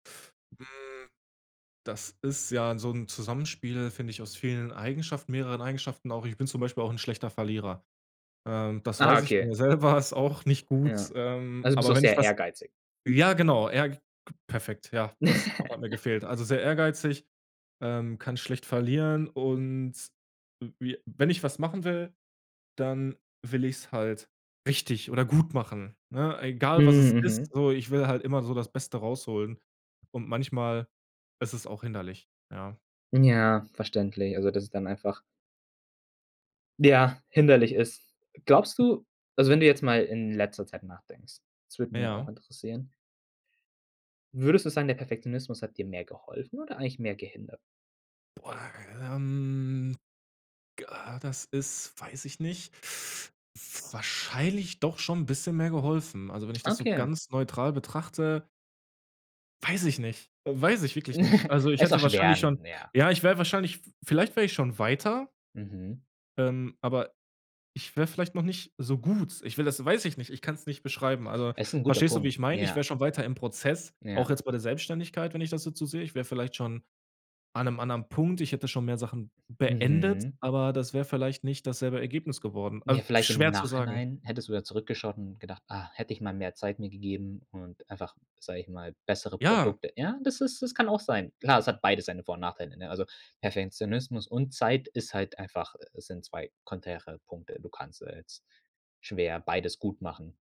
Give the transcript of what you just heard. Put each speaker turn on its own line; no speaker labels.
Hm, das ist ja so 'n Zusammenspiel, finde ich, aus vielen Eigenschaften mehreren Eigenschaften auch. Ich bin zum Beispiel auch 'n schlechter Verlierer. Ähm, das
Ah,
weiß ich von
okay.
mir selber, ist auch nicht gut,
Ja.
ähm,
Also bist
aber
auch
wenn ich
sehr
was
ehrgeizig.
ja, genau, eher k k perfekt, ja, das Wort mir gefehlt. Also sehr ehrgeizig, ähm, kann schlecht verlieren und w wie wenn ich was machen will, dann will ich's halt richtig oder gut machen, ne? Egal, was es
Hm,
ist,
Mhm.
so, ich will halt immer so das Beste rausholen und manchmal, ist es auch hinderlich, ja.
Ja, verständlich. Also, dass es dann einfach ja, hinderlich ist. Glaubst du also wenn du jetzt mal in letzter Zeit nachdenkst, das würde mich ja auch
Ja.
interessieren Würdest du sagen, der Perfektionismus hat dir mehr geholfen oder eigentlich mehr gehindert?
Boah, ähm, g ah, das ist, weiß ich nicht, f wahrscheinlich doch schon 'n bisschen mehr geholfen. Also, wenn ich das so
Okay.
ganz neutral betrachte Weiß ich nicht, weiß ich wirklich nicht. Also, ich
Ist auch
hätte
schwer,
wahrscheinlich schon
n ja.
ja, ich wäre wahrscheinlich v vielleicht wäre ich schon weiter
Mhm.
ähm, aber ich wäre vielleicht noch nicht so gut. Ich will das weiß ich nicht, ich kann's nicht beschreiben. Also
Ist 'n guter
verstehst du, wie
Punkt,
ich meine? Ich
ja.
wäre schon weiter im Prozess, auch
Ja.
jetzt bei der Selbstständigkeit, wenn ich das jetzt so sehe. Ich wäre vielleicht schon an 'nem anderen Punkt. Ich hätte schon mehr Sachen beendet,
Mhm.
aber das wäre vielleicht nicht dasselbe Ergebnis geworden,
Ja,
al
vielleicht im
schwer zu sagen.
Nachhinein hättest du da zurückgeschaut und gedacht: „Ah, hätte ich mal mehr Zeit mir gegeben und einfach, sage ich mal, bessere
Ja.
Produkte.“ Ja, das ist, das kann auch sein. Klar, es hat beides seine Vor und Nachteile, ne, also Perfektionismus und Zeit ist halt einfach, äh sind 2 konträre Punkte. Du kannst ja jetzt schwer beides gut machen.